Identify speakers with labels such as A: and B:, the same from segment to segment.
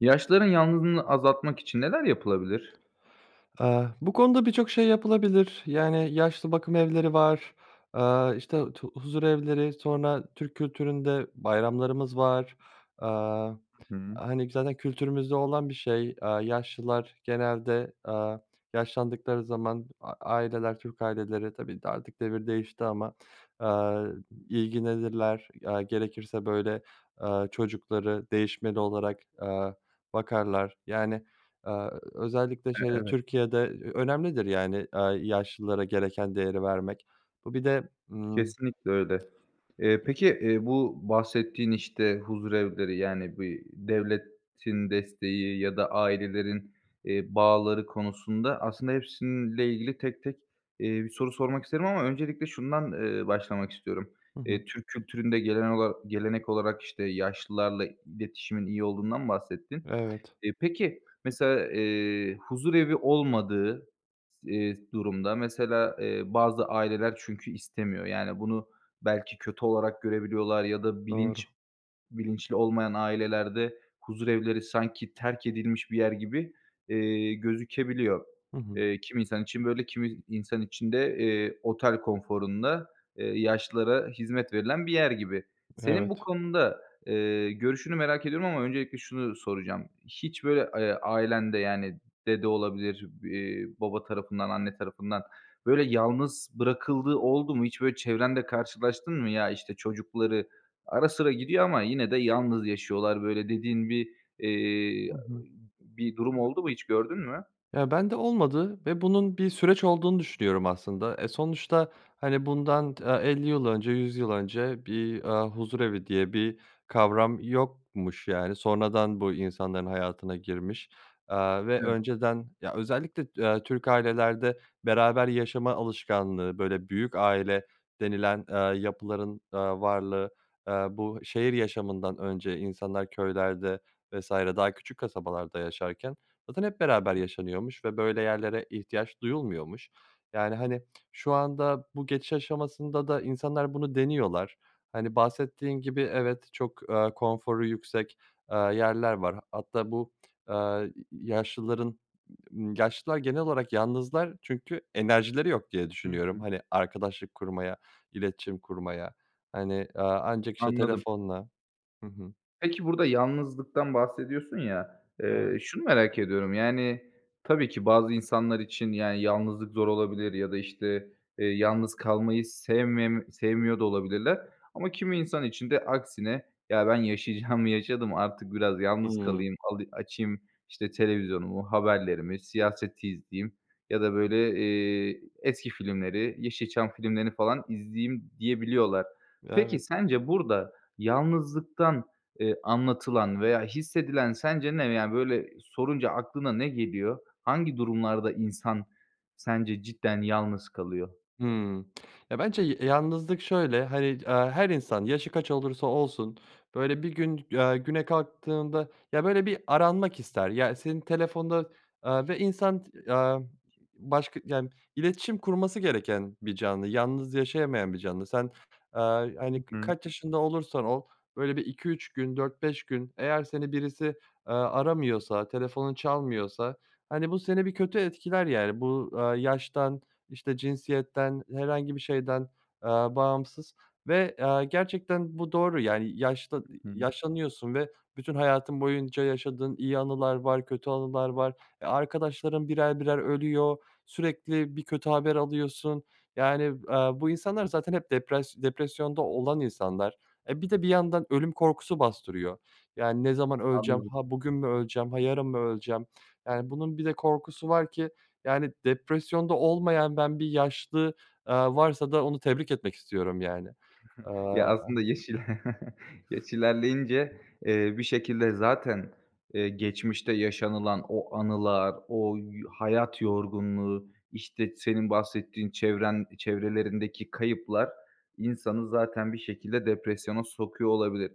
A: Yaşlıların yalnızlığını azaltmak için neler yapılabilir?
B: Eee, bu konuda birçok şey yapılabilir. Yani, yaşlı bakım evleri var, aaa, işte tu huzurevleri, sonra Türk kültüründe bayramlarımız var. Aaa,
A: Hı hı.
B: hani, zaten kültürümüzde olan bir şey, aaa, yaşlılar genelde, aaa, yaşlandıkları zaman a aileler, Türk aileleri, tabii ki de artık devir değişti ama, aaa, ilgilenirler. Aaa, gerekirse böyle, aaa, çocukları değişmeli olarak, aaa, bakarlar, yani, aaa, ö özellikle
A: E
B: şeyde
A: evet.
B: Türkiye'de, eee, önemlidir, yani, aaa, yaşlılara gereken değeri vermek. Bu bir de, ımm
A: Kesinlikle öyle. Eee, peki, eee, bu bahsettiğin, işte, huzurevleri, yani, bir devletin desteği ya da ailelerin, eee, bağları konusunda aslında hepsiyle ilgili tek tek, eee, bir soru sormak isterim ama öncelikle şundan, eee, başlamak istiyorum.
B: Hı hı.
A: Eee, Türk kültüründe gelen ola gelenek olarak, işte, yaşlılarla iletişimin iyi olduğundan bahsettin.
B: Evet.
A: Eee, peki, mesela, eee, huzurevi olmadığı s eee, durumda mesela, eee, bazı aileler çünkü istemiyor. Yani, bunu belki kötü olarak görebiliyorlar ya da
B: Doğru.
A: bilinç bilinçli olmayan ailelerde huzurevleri sanki terk edilmiş bir yer gibi, eee, gözükebiliyor.
B: Hı hı.
A: Eee, kimi insan için böyle, kimi insan için de, eee, otel konforunda, eee, yaşlılara hizmet verilen bir yer gibi. Senin bu
B: Evet.
A: konuda, eee, görüşünü merak ediyorum ama öncelikle şunu soracağım. Hiç böyle, eee, ailende yani dede olabilir, iii, baba tarafından, anne tarafından, böyle yalnız bırakıldığı oldu mu? Hiç böyle çevrende karşılaştın mı? Ya, işte çocukları ara sıra gidiyor ama yine de yalnız yaşıyorlar böyle dediğin bir, eee,
B: Hı hı.
A: bir durum oldu mu, hiç gördün mü?
B: Ya, ben de olmadı ve bunun bir süreç olduğunu düşünüyorum aslında. Eee, sonuçta, hani, bundan t 50 yıl önce, 100 yıl önce bir, eee, huzurevi diye bir kavram yokmuş, yani. Sonradan bu insanların hayatına girmiş, aaa, ve
A: Hı.
B: önceden, ya, özellikle, eee, Türk ailelerde beraber yaşama alışkanlığı, böyle, "büyük aile" denilen, eee, yapıların, eee, varlığı, eee, bu şehir yaşamından önce insanlar köylerde vs. daha küçük kasabalarda yaşarken zaten hep beraber
A: [unintelligible]
B: yaşanıyormuş ve böyle yerlere ihtiyaç duyulmuyormuş. Yani, hani, şu anda bu geçiş aşamasında da insanlar bunu deniyorlar. Hani, bahsettiğin gibi evet çok, eee, konforu yüksek, eee, yerler var. H hatta bu, eee, y yaşlıların yaşlılar genel olarak yalnızlar çünkü enerjileri yok diye
A: Hı
B: düşünüyorum,
A: hı.
B: hani, arkadaşlık kurmaya, iletişim kurmaya. Hani, eee, ancak işte
A: Anladım.
B: telefonla. Hı hı.
A: Peki, burada yalnızlıktan bahsediyorsun ya, eee,
B: Evet.
A: şunu merak ediyorum, yani, tabii ki bazı insanlar için, yani, yalnızlık zor olabilir ya da, işte, eee, yalnız kalmayı sevmemi sevmiyor da olabilirler. Ama kimi insan için de aksine, "Ya, ben yaşayacağımı yaşadım, artık biraz yalnız
B: Hı.
A: kalayım, ali açayım, işte, televizyonumu, haberlerimi, siyaset izleyeyim." ya da böyle, eee, "Eski filmleri, Yeşilçam filmlerini falan izleyeyim." diyebiliyorlar. Peki,
B: Evet.
A: sence, burada yalnızlıktan, eee, anlatılan veya hissedilen sence ne? Yani, böyle sorunca aklına ne geliyor? Hangi durumlarda insan sence cidden yalnız kalıyor?
B: Hı. Ya, bence ya yalnızlık şöyle, hani, eee, her insan, yaşı kaç olursa olsun böyle bir gün, eee, güne kalktığında, ya, böyle, bir aranmak ister, ya, senin telefonda, aaa, ve insan, t eee, başka, yani, iletişim kurması gereken bir canlı, yalnız yaşayamayan bir canlı. Sen, eee,
A: Hı
B: hani k
A: hı.
B: kaç yaşında olursan ol, böyle, bir 2-3 gün, 4-5 gün eğer seni birisi, eee, aramıyorsa, telefonun çalmıyorsa, hani, bu seni bir kötü etkiler yani. Bu, aaa, yaştan, işte, cinsiyetten, herhangi bir şeyden, aaa, bağımsız ve, aaa, gerçekten bu doğru, yani, yaşlı
A: Hı
B: eee,
A: hı.
B: yaşlanıyorsun. Ve bütün hayatın boyunca yaşadığın iyi anılar var, kötü anılar var. Eee, arkadaşların birer birer ölüyor, sürekli bir kötü haber alıyorsun, yani, eee, bu insanlar zaten hep depras depresyonda olan insanlar. Eee, bir de bir yandan ölüm korkusu bastırıyor. Yani, ne zaman öleceğim,
A: Anladım.
B: ha, bugün mü öleceğim, ha, yarın mı öleceğim, yani, bunun bir de korkusu var ki, yani, depresyonda olmayan ben bir yaşlı, aaa, varsa da onu tebrik etmek istiyorum, yani.
A: Ya,
B: Aaa
A: aslında, yaş ile yaş ilerleyince, eee, bir şekilde zaten, eee, geçmişte yaşanılan o anılar, o y hayat yorgunluğu, işte, senin bahsettiğin çevren çevrelerindeki kayıplar insanı zaten bir şekilde depresyona sokuyor olabilir.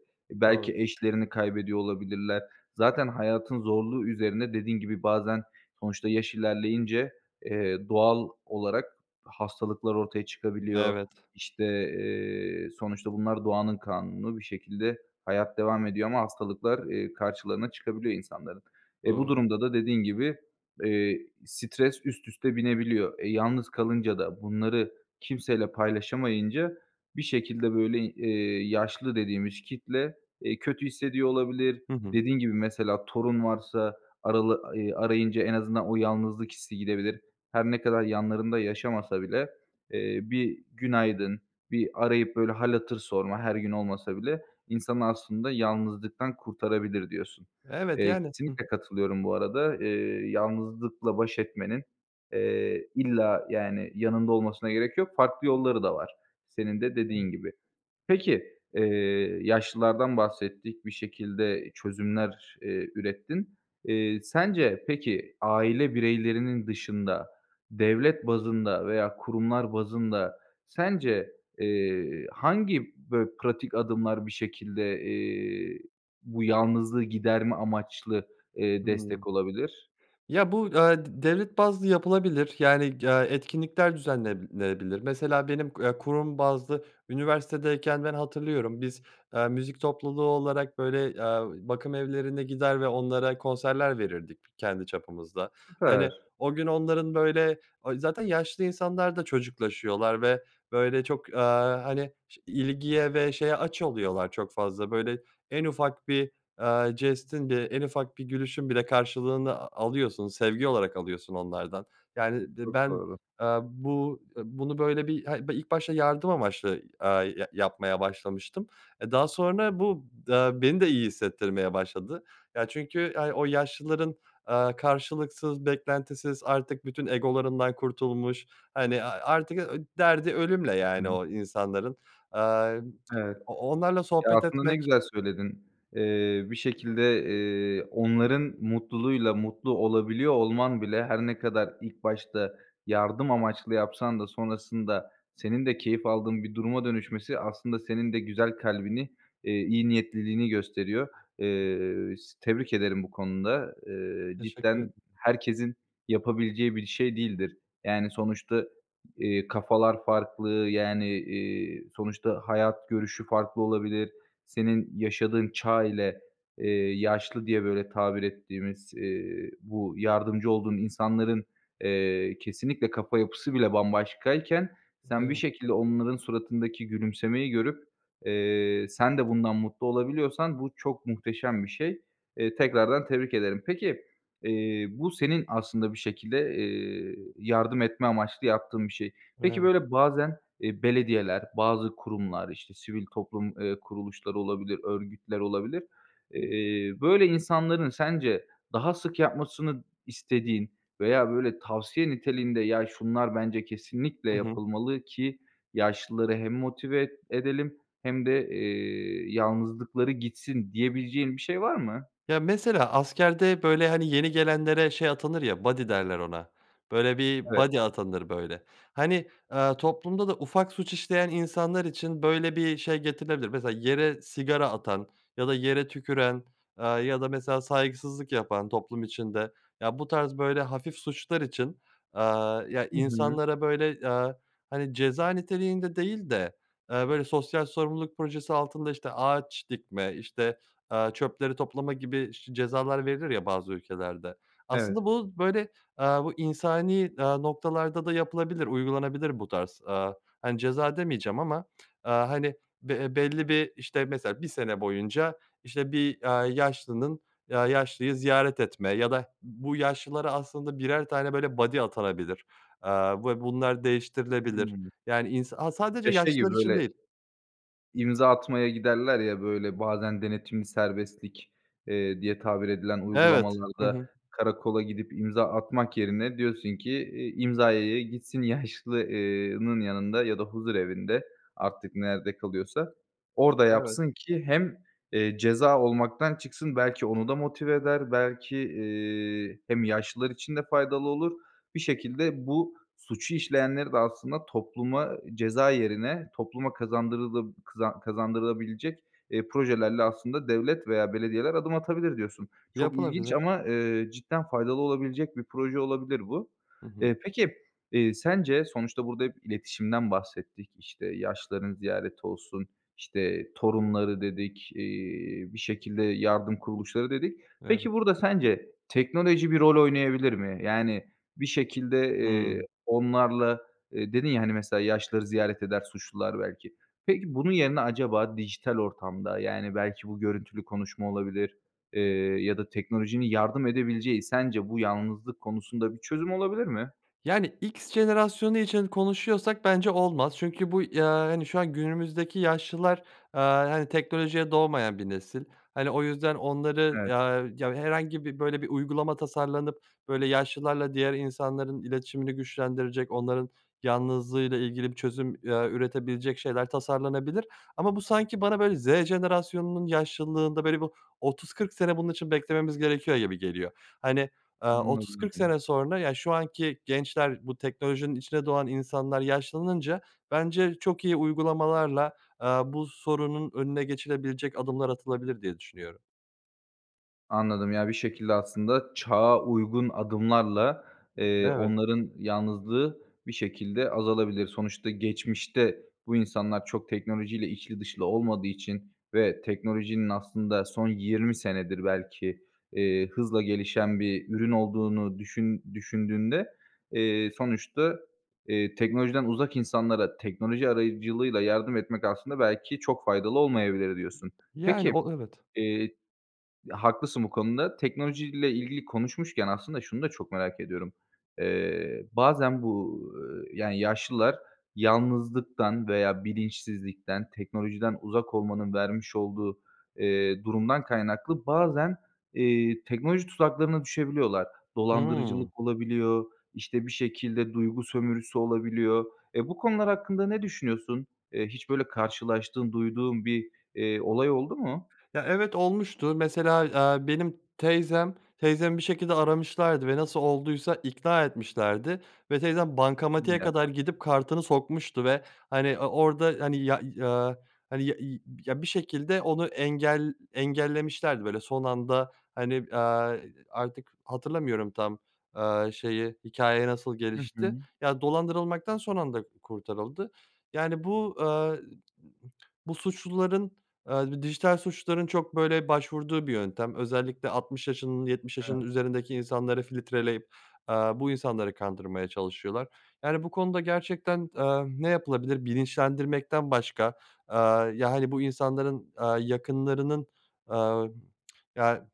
B: Doğru.
A: Belki eşlerini kaybediyor olabilirler. Zaten hayatın zorluğu üzerine dediğin gibi bazen sonuçta yaş ilerleyince, eee, doğal olarak hastalıklar ortaya çıkabiliyor.
B: Evet.
A: İşte, eee, sonuçta bunlar doğanın kanunu bir şekilde hayat devam ediyor ama hastalıklar, eee, karşılarına çıkabiliyor insanların. Eee, bu
B: Doğru.
A: durumda da dediğin gibi, eee, stres üst üste binebiliyor. Eee, yalnız kalınca da, bunları kimseyle paylaşamayınca bir şekilde, böyle, eee, yaşlı dediğimiz kitle, eee, kötü hissediyor olabilir.
B: Hı hı.
A: Dediğin gibi, mesela torun varsa arala eee, arayınca en azından o yalnızlık hissi gidebilir. Her ne kadar yanlarında yaşamasa bile, eee, bir günaydın, bir arayıp böyle hâl hatır sorma her gün olmasa bile insanı aslında yalnızlıktan kurtarabilir diyorsun.
B: Evet,
A: Eee,
B: yani Hı hı.
A: kesinlikle katılıyorum bu arada. Eee, yalnızlıkla baş etmenin, eee, illa, yani, yanında olmasına gerek yok, farklı yolları da var, senin
B: Hı.
A: de
B: Evet.
A: dediğin gibi. Peki, eee, yaşlılardan bahsettik, bir şekilde çözümler, eee, ürettin. Eee, sence, peki, aile bireylerinin dışında devlet bazında veya kurumlar bazında sence, eee, hangi, böyle, pratik adımlar bir şekilde, eee, bu yalnızlığı giderme amaçlı, eee,
B: Hı.
A: destek olabilir?
B: Ya, bu, eee, d devlet bazlı yapılabilir, yani, eee, etkinlikler düzenlenebilir. Mesela benim, eee, kurum bazlı üniversitedeyken ben hatırlıyorum biz, eee, müzik topluluğu olarak böyle, eee, bakımevlerine gider ve onlara konserler verirdik kendi çapımızda. Hani,
A: Süper.
B: o gün onların böyle o zaten yaşlı insanlarda çocuklaşıyorlar ve, böyle, çok, eee, hani, ş ilgiye ve şeye aç oluyorlar çok fazla. Böyle, en ufak bir, eee, jestin, bir en ufak bir gülüşün bile karşılığını a alıyorsun sevgi olarak alıyorsun onlardan. Yani be
A: Çok
B: ben,
A: doğru.
B: eee, bu eee, bunu böyle bir hayır be ilk başta yardım amaçlı, eee, ya yapmaya başlamıştım, eee, daha sonra bu d beni de iyi hissettirmeye başladı. Ya, çünkü, yani, o yaşlıların, eee, karşılıksız, beklentisiz, artık bütün egolarından kurtulmuş, hani a artık, eee, derdi ölümle,
A: Hı
B: yani,
A: hı.
B: o insanların. Aaa,
A: Evet.
B: o o onlarla
A: Ya,
B: sohbet
A: aslında ne
B: etmek
A: güzel söyledin. Eee, bir şekilde, eee, onların mutluluğuyla mutlu olabiliyor olman bile, her ne kadar ilk başta yardım amaçlı yapsan da sonrasında senin de keyif aldığın bir duruma dönüşmesi aslında senin de güzel kalbini, eee, iyi niyetliliğini gösteriyor. Eee, s tebrik ederim bu konuda. Eee,
B: Teşekkür
A: cidden
B: ederim.
A: herkesin yapabileceği bir şey değildir. Yani, sonuçta, eee, kafalar farklı, yani, iii, sonuçta hayat görüşü farklı olabilir. Senin yaşadığın çağ ile, eee, yaşlı diye, böyle, tabir ettiğimiz, eee, bu yardımcı olduğun insanların, eee, kesinlikle kafa yapısı bile bambaşkayken, sen bir
B: Evet.
A: şekilde onların suratındaki gülümsemeyi görüp, eee, sen de bundan mutlu olabiliyorsan bu çok muhteşem bir şey. Eee, tekrardan tebrik ederim. Peki, eee, bu senin aslında bir şekilde, eee, yardım etme amaçlı yaptığın bir şey. Peki,
B: Evet.
A: böyle, bazen, eee, belediyeler, bazı kurumlar, işte, sivil toplum, eee, kuruluşları olabilir, örgütler olabilir. Eee, böyle insanların sence daha sık yapmasını istediğin veya böyle tavsiye niteliğinde, "Ya, şunlar bence kesinlikle
B: Hı hı.
A: yapılmalı ki yaşlıları hem motive e edelim hem de, eee, yalnızlıkları gitsin." diyebileceğin bir şey var mı?
B: Ya, mesela askerde, böyle, hani, yeni gelenlere şey atanır ya "buddy" derler ona, böyle, bir
A: Evet.
B: buddy atanır, böyle. Hani, eee, toplumda da ufak suç işleyen insanlar için böyle bir şey getirilebilir. Mesela yere sigara atan ya da yere tüküren, eee, ya da mesela saygısızlık yapan toplum içinde, ya, bu tarz böyle hafif suçlar için, eee, ya,
A: Hı hı.
B: insanlara, böyle, eee, hani, ceza niteliğinde değil de, eee, böyle, sosyal sorumluluk projesi altında, işte, ağaç dikme, işte, eee, çöpleri toplama gibi ş cezalar verilir, ya, bazı ülkelerde.
A: Evet.
B: Aslında bu, böyle, eee, bu insani, eee, noktalarda da yapılabilir, uygulanabilir bu tarz, eee, hani, ceza demeyeceğim ama. Eee, hani, be e belli bir işte, mesela 1 sene boyunca, işte, bir, aaa, yaşlının eee, yaşlıyı ziyaret etme ya da bu yaşlılara aslında 1'er tane, böyle, buddy atanabilir, aaa, ve bunlar değiştirilebilir,
A: Hı.
B: yani, ins aaa, sadece
A: Ya, şey gibi,
B: yaşlılar için
A: böyle
B: değil
A: imza atmaya giderler, ya, böyle, bazen denetimli serbestlik, eee, diye tabir edilen
B: Evet, hı
A: uygulamalarda
B: hı.
A: karakola gidip imza atmak yerine diyorsun ki, eee, imzaya ya gitsin yaşlı eee nın yanında ya da huzurevinde, artık nerede kalıyorsa, orada yapsın
B: Evet.
A: ki hem, eee, ceza olmaktan çıksın, belki onu da motive eder, belki, eee, hem yaşlılar için de faydalı olur. Bir şekilde bu suçu işleyenleri de aslında topluma ceza yerine, topluma kazandırılı kızan kazandırılabilecek, eee, projelerle aslında devlet veya belediyeler adım atabilir diyorsun. Çok ilginç
B: Yapılabilir.
A: ama, eee, cidden faydalı olabilecek bir proje olabilir bu.
B: Hı hı.
A: Eee, peki, eee, sence sonuçta burada hep iletişimden bahsettik, işte, yaşlıların ziyareti olsun, işte, torunları dedik, eee, bir şekilde yardım kuruluşları dedik.
B: Evet.
A: Peki, burada sence teknoloji bir rol oynayabilir mi? Yani, bir şekilde, eee,
B: Hı.
A: onlarla, eee, dedin, ya, hani, mesela yaşlıları ziyaret eder suçlular belki. Peki, bunun yerine acaba dijital ortamda, yani, belki bu görüntülü konuşma olabilir, eee, ya da teknolojinin yardım edebileceği sence bu yalnızlık konusunda bir çözüm olabilir mi?
B: Yani, X jenerasyonu için konuşuyorsak bence olmaz. Çünkü bu ya hani, şu an günümüzdeki yaşlılar, aaa, hani, teknolojiye doğmayan bir nesil. Hani, o yüzden onları
A: Evet.
B: ya ya herhangi bir, böyle, bir uygulama tasarlanıp, böyle, yaşlılarla diğer insanların iletişimini güçlendirecek, onların yalnızlığıyla ilgili bir çözüm, eee, üretebilecek şeyler tasarlanabilir. Ama bu sanki bana, böyle, Z jenerasyonunun yaşlılığında, böyle, bir 30-40 sene bunun için beklememiz gerekiyor gibi geliyor. Hani, eee, 30-40
A: Anladım.
B: sene sonra, yani, şu anki gençler, bu teknolojinin içine doğan insanlar yaşlanınca bence çok iyi uygulamalarla, eee, bu sorunun önüne geçilebilecek adımlar atılabilir diye düşünüyorum.
A: Anladım. Ya, bir şekilde aslında çağa uygun adımlarla, eee,
B: Evet.
A: onların yalnızlığı bir şekilde azalabilir. Sonuçta geçmişte bu insanlar çok teknolojiyle içli dışlı olmadığı için ve teknolojinin aslında son 20 senedir belki, eee, hızla gelişen bir ürün olduğunu düşün düşündüğünde, eee, sonuçta, eee, "Teknolojiden uzak insanlara teknoloji aracılığıyla yardım etmek aslında belki çok faydalı olmayabilir." Diyorsun.
B: Yani,
A: Peki,
B: o, evet.
A: eee, haklısın bu konuda. Teknolojiyle ilgili konuşmuşken aslında şunu da çok merak ediyorum. Eee, bazen bu, yani, yaşlılar yalnızlıktan veya bilinçsizlikten, teknolojiden uzak olmanın vermiş olduğu, eee, durumdan kaynaklı bazen, eee, teknoloji tuzaklarına düşebiliyorlar.
B: Hıı.
A: Dolandırıcılık olabiliyor, işte, bir şekilde duygu sömürüsü olabiliyor. Eee, bu konular hakkında ne düşünüyorsun? Eee, hiç böyle karşılaştığın, duyduğun bir, eee, olay oldu mu?
B: Ya, evet olmuştu. Mesela, eee, benim teyzem. Teyzemi bir şekilde aramışlardı ve nasıl olduysa ikna etmişlerdi ve teyzem
A: Hadi
B: bankamatiğe
A: ya.
B: kadar gidip kartını sokmuştu ve, hani, o orda, hani, ya eee, hani, ya iii, ya, bir şekilde onu engel engellemişlerdi, böyle, son anda, hani, eee, artık hatırlamıyorum tam, aaa, şeyi, hikâye nasıl
A: Hı
B: gelişti.
A: hı.
B: Ya, dolandırılmaktan son anda kurtarıldı. Yani, bu, eee, bu suçluların, eee, b dijital suçluların çok, böyle, başvurduğu bir yöntem özellikle 60 yaşının, 70
A: Evet.
B: yaşının üzerindeki insanları filtreleyip, eee, bu insanları kandırmaya çalışıyorlar. Yani, bu konuda gerçekten, eee, ne yapılabilir bilinçlendirmekten başka. Eee, ya, hani, bu insanların, eee, yakınlarının, eee, ya,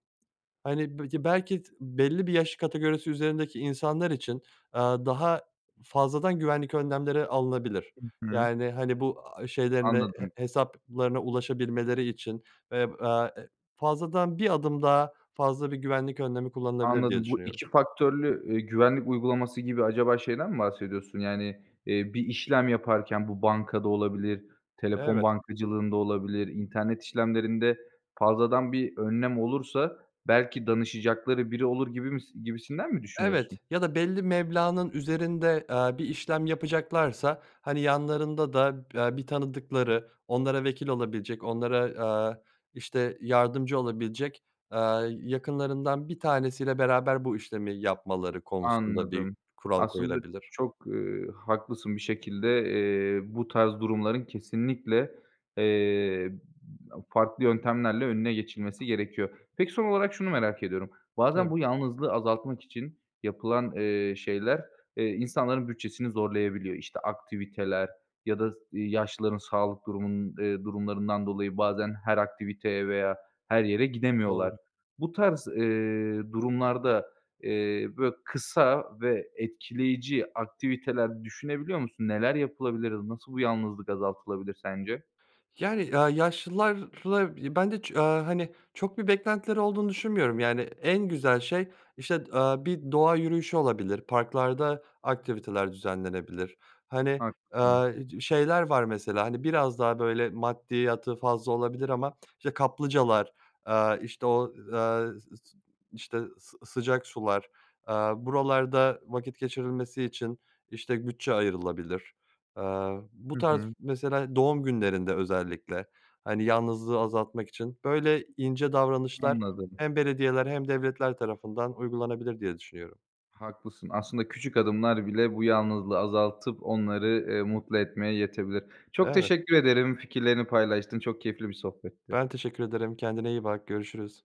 B: hani, [unintelligible] belki s belli bir yaş kategorisi üzerindeki insanlar için, eee, daha fazladan güvenlik önlemleri alınabilir,
A: Hı hı.
B: yani, hani, bu, aaa, şeylerine he
A: Anladım.
B: hesaplarına ulaşabilmeleri için, eb aaa, eee, fazladan bir adım daha fazla bir güvenlik önlemi kullanılabilir diye
A: Anladım. Bu
B: düşünüyorum.
A: 2 faktörlü, eee, güvenlik uygulaması gibi acaba şeyden mi bahsediyorsun? Yani, eee, bir işlem yaparken bu bankada olabilir, telefon
B: Evet.
A: bankacılığında olabilir, internet işlemlerinde fazladan bir önlem olursa belki danışacakları biri olur gibimis gibisinden mi düşünüyorsun?
B: Evet ya da belli meblağnın üzerinde, eee, bir işlem yapacaklarsa, hani, yanlarında da, eee, bir tanıdıkları, onlara vekil olabilecek, onlara, aaa, işte, yardımcı olabilecek, aaa, yakınlarından 1 tanesiyle beraber bu işlemi yapmaları konusunda bir
A: Anladım.
B: kural
A: Aslında
B: koyulabilir.
A: çok, eee, haklısın. Bir şekilde, eee, bu tarz durumların kesinlikle, eee, aaa, farklı yöntemlerle önüne geçilmesi gerekiyor. Peki, son olarak şunu merak ediyorum, bazen
B: Tab
A: bu yalnızlığı azaltmak için yapılan, eee, şeyler, eee, insanların bütçesini zorlayabiliyor. İşte, aktiviteler ya da s eee, yaşlıların sağlık durumun eee, durumlarından dolayı bazen her aktiviteye veya her yere gidemiyorlar.
B: Doğru.
A: Bu tarz, eee, durumlarda, eee, böyle kısa ve etkileyici aktiviteler düşünebiliyor musun? Neler yapılabilir? Nasıl bu yalnızlık azaltılabilir sence?
B: Yani, eee, yaşlılarla ben de ço aaa, hani, çok bir beklentileri olduğunu düşünmüyorum, yani, en güzel şey, işte, eee, bir doğa yürüyüşü olabilir, parklarda aktiviteler düzenlenebilir. Hani,
A: Haklısın.
B: eee, şeyler var mesela, hani, biraz daha böyle maddiyatı fazla olabilir ama, işte, kaplıcalar, eee, işte, o, eee, s s işte, sı sıcak sular, eee, buralarda vakit geçirilmesi için, işte, bütçe ayrılabilir. Eee, bu
A: Hı
B: tarz
A: hı.
B: mesela doğum günlerinde özellikle, hani, yalnızlığı azaltmak için böyle ince davranışlar
A: Anladım.
B: hem belediyeler hem devletler tarafından uygulanabilir diye düşünüyorum.
A: Haklısın. Aslında küçük adımlar bile bu yalnızlığı azaltıp onları, eee, mutlu etmeye yetebilir. Çok
B: Evet.
A: teşekkür ederim, fikirlerini paylaştın, çok keyifli bir sohbetti.
B: Ben teşekkür ederim. Kendine iyi bak. Görüşürüz.